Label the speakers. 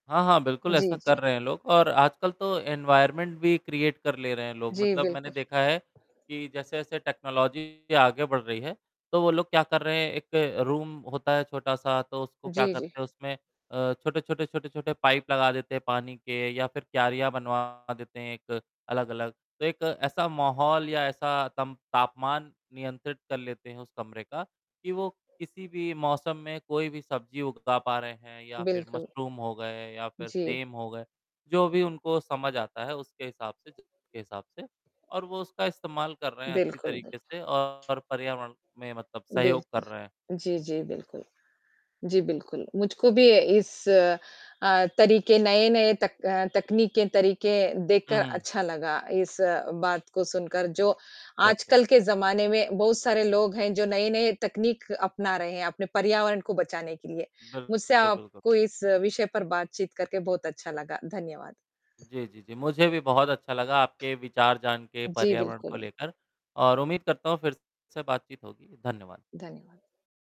Speaker 1: हाँ, हाँ, बिल्कुल
Speaker 2: जी,
Speaker 1: ऐसा
Speaker 2: जी।
Speaker 1: कर रहे हैं लोग और आजकल तो एनवायरनमेंट भी क्रिएट कर ले रहे हैं लोग।
Speaker 2: जी,
Speaker 1: मतलब मैंने
Speaker 2: बिल्कुल।
Speaker 1: देखा है कि जैसे-जैसे टेक्नोलॉजी आगे बढ़ रही है तो वो लोग क्या कर रहे हैं? एक रूम होता है छोटा-सा तो उसको क्या
Speaker 2: जी, जी।
Speaker 1: करते हैं उसमें अ, छोटे-छोटे, छोटे-छोटे पाइप लगा देते हैं पानी के या फ़िर क्यारिया बनवा देते हैं एक अलग-अलग। तो एक ऐसा माहौल या ऐसा तमप तापमान नियंत्रित कर लेते हैं उस कमरे का कि वो किसी भी मौसम में कोई भी सब्ज़ी उगा पा रहे हैं या फ़िर
Speaker 2: बिल्कुल।
Speaker 1: मशरुम हो गए या फ़िर
Speaker 2: जी।
Speaker 1: सेम हो गए। जो भी उनको समझ आता है उसके हिसाब से ज के हिसाब से और वो उसका इस्तेमाल कर रहे हैं अच्छी
Speaker 2: बिल्कुल, बिल्कुल।
Speaker 1: तरीके से और पर्यावरण में मतलब सहयोग कर
Speaker 2: बिल्कुल।
Speaker 1: रहे हैं।
Speaker 2: जी,
Speaker 1: हुँ।
Speaker 2: जी बिल्कुल। जी, बिल्कुल। मुझको भी इस अ, तरीके, नए-नए तक अ, तकनीकें, तरीके
Speaker 1: हुँ,
Speaker 2: देखकर
Speaker 1: हुँ।
Speaker 2: अच्छा लगा। इस अ, बात को सुनकर जो
Speaker 1: अच्छा।
Speaker 2: आजकल के ज़माने में बहुत सारे लोग हैं, जो नए-नए तकनीक अपना रहे हैं अपने पर्यावरण को बचाने के लिए।
Speaker 1: बिल्क
Speaker 2: मुझसे
Speaker 1: बिल्कुल, बिल्कुल।
Speaker 2: आपको इस विषय पर बातचीत करके बहुत अच्छा लगा, धन्यवाद।
Speaker 1: जी, जी, जी। मुझे भी बहुत अच्छा लगा आपके विचार जान के
Speaker 2: जी,
Speaker 1: पर्यावरण को
Speaker 2: बिल्कुल।
Speaker 1: लेकर और उम्मीद करता हूँ फ़िर से बातचीत होगी, धन्यवाद।
Speaker 2: धन्यवाद।